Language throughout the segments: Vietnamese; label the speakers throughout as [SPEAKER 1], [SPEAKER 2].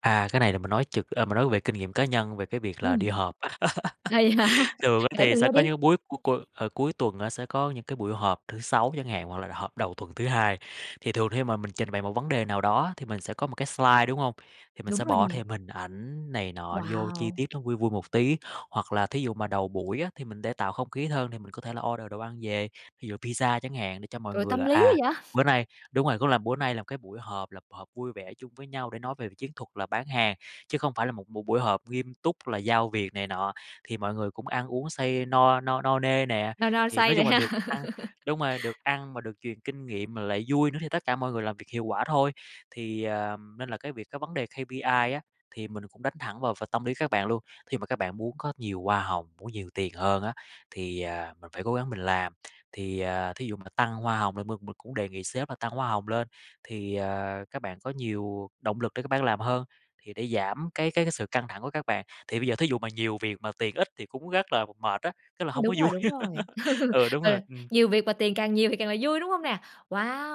[SPEAKER 1] À, cái này là mình nói trực à, mình nói về kinh nghiệm cá nhân về cái việc là
[SPEAKER 2] Ừm.
[SPEAKER 1] đi họp.
[SPEAKER 2] Ờ, vậy hả,
[SPEAKER 1] Thường á
[SPEAKER 2] kể
[SPEAKER 1] thì
[SPEAKER 2] mình
[SPEAKER 1] sẽ
[SPEAKER 2] nghe đi.
[SPEAKER 1] có những búi c cu, ờ, cuối tuần á sẽ có những cái buổi họp thứ Sáu chẳng hạn, hoặc là họp đầu tuần thứ Hai. Thì thường khi mà mình trình bày một vấn đề nào đó á thì mình sẽ có một cái slide, đúng hông? Thì mình
[SPEAKER 2] Đúng
[SPEAKER 1] sẽ
[SPEAKER 2] rồi nè.
[SPEAKER 1] bỏ thêm hình ảnh này nọ vô chi
[SPEAKER 2] Wow!
[SPEAKER 1] tiết nó vui vui một tí, hoặc là thí dụ mà đầu buổi á thì mình để tạo không khí hơn thì mình có thể là order đồ ăn về, ví dụ pizza chẳng hạn để cho mọi
[SPEAKER 2] Trời,
[SPEAKER 1] người
[SPEAKER 2] tâm
[SPEAKER 1] là,
[SPEAKER 2] lý
[SPEAKER 1] à,
[SPEAKER 2] quá vậy.
[SPEAKER 1] bữa nay đúng rồi, cũng là bữa nay là cái buổi họp, là họp vui vẻ chung với nhau để nói về chiến thuật là bán hàng, chứ không phải là một b buổi họp nghiêm túc là giao việc này nọ. Thì mọi người cũng ăn uống say no no no nê nè,
[SPEAKER 2] No no
[SPEAKER 1] thì
[SPEAKER 2] say
[SPEAKER 1] nói
[SPEAKER 2] rồi
[SPEAKER 1] chung là
[SPEAKER 2] ha.
[SPEAKER 1] được ăn đúng rồi, được ăn mà được truyền kinh nghiệm mà lại vui nữa thì tất cả mọi người làm việc hiệu quả thôi. Thì, ờm, nên là cái việc cái vấn đề KPI á thì mình cũng đánh thẳng vào vào tâm lý các bạn luôn, khi mà các bạn muốn có nhiều hoa hồng, muốn nhiều tiền hơn á thì, à, mình phải cố gắng mình làm. Thì, à, thí dụ mà tăng hoa hồng là mình mình cũng đề nghị sếp là tăng hoa hồng lên, thì, ờ, các bạn có nhiều động lực để các bạn làm hơn, thì để giảm cái cái cái sự căng thẳng của các bạn thì bây giờ thí dụ mà nhiều việc mà tiền ít thì cũng rất là mệt á, rất là hông có
[SPEAKER 2] Đúng rồi,
[SPEAKER 1] vui,
[SPEAKER 2] đúng rồi.
[SPEAKER 1] ừ, đúng
[SPEAKER 2] Ờ,
[SPEAKER 1] rồi, ừm.
[SPEAKER 2] nhiều việc mà tiền càng nhiều thì càng là vui, đúng không nè?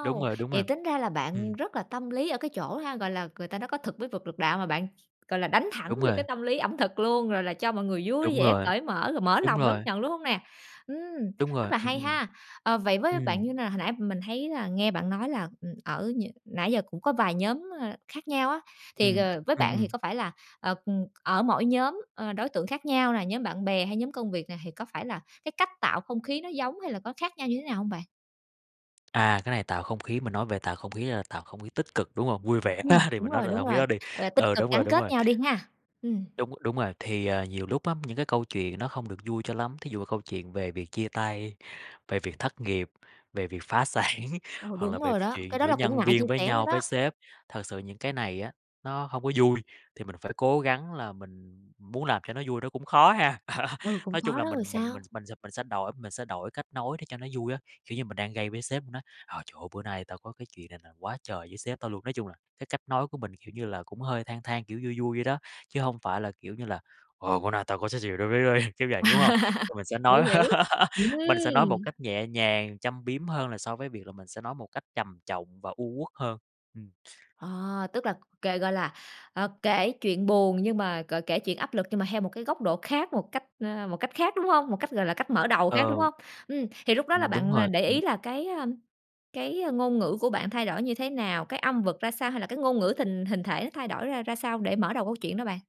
[SPEAKER 1] Đúng rồi, đúng
[SPEAKER 2] Vậy
[SPEAKER 1] rồi.
[SPEAKER 2] tính ra là bạn
[SPEAKER 1] Ừm.
[SPEAKER 2] rất là tâm lý ở cái chỗ ha, gọi là, người ta nói có thực mới vực được đạo, mà bạn, gọi là, đánh thẳng
[SPEAKER 1] Đúng
[SPEAKER 2] vô cái
[SPEAKER 1] rồi.
[SPEAKER 2] tâm lý ẩm thực luôn, gọi là, cho mọi người vui
[SPEAKER 1] Đúng
[SPEAKER 2] vẻ
[SPEAKER 1] rồi,
[SPEAKER 2] cởi mở, rồi mở
[SPEAKER 1] đúng
[SPEAKER 2] lòng đón
[SPEAKER 1] rồi.
[SPEAKER 2] nhận, đúng hông nè? Ừm!
[SPEAKER 1] Đúng
[SPEAKER 2] Rất
[SPEAKER 1] rồi,
[SPEAKER 2] là
[SPEAKER 1] ừm,
[SPEAKER 2] hay
[SPEAKER 1] ừm.
[SPEAKER 2] ha. Ờ, vậy với bạn như
[SPEAKER 1] Ừm.
[SPEAKER 2] nào? Hồi nãy mình thấy là nghe bạn nói là, ừm, ở nh nãy giờ cũng có vài nhóm, ờ, khác nhau á, thì,
[SPEAKER 1] Ừm.
[SPEAKER 2] ờ, với
[SPEAKER 1] Ừm,
[SPEAKER 2] bạn thì
[SPEAKER 1] ừm.
[SPEAKER 2] có phải là, ờ, ừm, ở mỗi nhóm, à, đối tượng khác nhau nè, nhóm bạn bè hay nhóm công việc nè thì có phải là cái cách tạo không khí nó giống hay là có khác nhau như thế nào hông bạn?
[SPEAKER 1] À, cái này tạo không khí, mình nói về tạo không khí là tạo không khí tích cực, đúng hông? Vui vẻ
[SPEAKER 2] Ừm,
[SPEAKER 1] thì
[SPEAKER 2] đúng
[SPEAKER 1] mình nói
[SPEAKER 2] rồi,
[SPEAKER 1] là tạo
[SPEAKER 2] đúng
[SPEAKER 1] không
[SPEAKER 2] rồi,
[SPEAKER 1] khí đó đi,
[SPEAKER 2] gọi là tích
[SPEAKER 1] ừ,
[SPEAKER 2] cực
[SPEAKER 1] đúng rồi,
[SPEAKER 2] gắn
[SPEAKER 1] đúng
[SPEAKER 2] kết
[SPEAKER 1] rồi.
[SPEAKER 2] nhau đi ha, ừm.
[SPEAKER 1] Đúng, đúng rồi, thì, à, nhiều lúc á, những cái câu chuyện nó không được vui cho lắm, thí dụ mà câu chuyện về việc chia tay, về việc thất nghiệp, về việc phá sản
[SPEAKER 2] Ờ,
[SPEAKER 1] hoặc là
[SPEAKER 2] đúng
[SPEAKER 1] về
[SPEAKER 2] rồi đó, cái
[SPEAKER 1] chuyện
[SPEAKER 2] đó
[SPEAKER 1] giữa
[SPEAKER 2] là cũng
[SPEAKER 1] nhân
[SPEAKER 2] ngại chia
[SPEAKER 1] viên với
[SPEAKER 2] sẻ nữa
[SPEAKER 1] nhau, với
[SPEAKER 2] đó.
[SPEAKER 1] sếp, thật sự những cái này á, nó hông có vui, thì mình phải cố gắng là mình muốn làm cho nó vui nó cũng khó ha.
[SPEAKER 2] Ừ, cũng
[SPEAKER 1] Nói chung
[SPEAKER 2] khó
[SPEAKER 1] là
[SPEAKER 2] đó,
[SPEAKER 1] mình
[SPEAKER 2] rồi
[SPEAKER 1] mình mình
[SPEAKER 2] sao?
[SPEAKER 1] mình s mình sẽ đổi, mình sẽ đổi cách nói để cho nó vui á, kiểu như mình đang gây với sếp mình nói: "Ờ, trời ơi bữa nay tao có cái chuyện này là quá trời với sếp tao luôn", nói chung là, cái cách nói của mình, kiểu như là, cũng hơi than than, kiểu vui vui vậy đó, chứ hông phải là kiểu như là "Ờ, bữa này tao có cái ch đối với ấy" kiểu vậy, đúng hông? Thì mình sẽ nói,
[SPEAKER 2] Hiểu, hiểu,
[SPEAKER 1] mình sẽ nói một
[SPEAKER 2] ừm!
[SPEAKER 1] cách nhẹ nhàng, châm biếm hơn là so với việc là mình sẽ nói một cách trầm trọng và u uất hơn, ừm.
[SPEAKER 2] Ờ, tức là kể, gọi là, ờ, kể chuyện buồn nhưng mà gọi kể chuyện áp lực nhưng mà theo một cái góc độ khác, một cách, ờ, một cách khác, đúng hông? Một cách, gọi là, cách mở đầu khác, đúng
[SPEAKER 1] Ừ.
[SPEAKER 2] hông? Ừm, thì lúc đó là
[SPEAKER 1] Ừm, đúng
[SPEAKER 2] bạn, à,
[SPEAKER 1] rồi,
[SPEAKER 2] để ý
[SPEAKER 1] ừm.
[SPEAKER 2] là cái, à, cái ngôn ngữ của bạn thay đổi như thế nào? Cái âm vực ra sao hay là cái ngôn ngữ tình hình thể nó thay đổi ra ra sao để mở đầu câu chuyện đó bạn?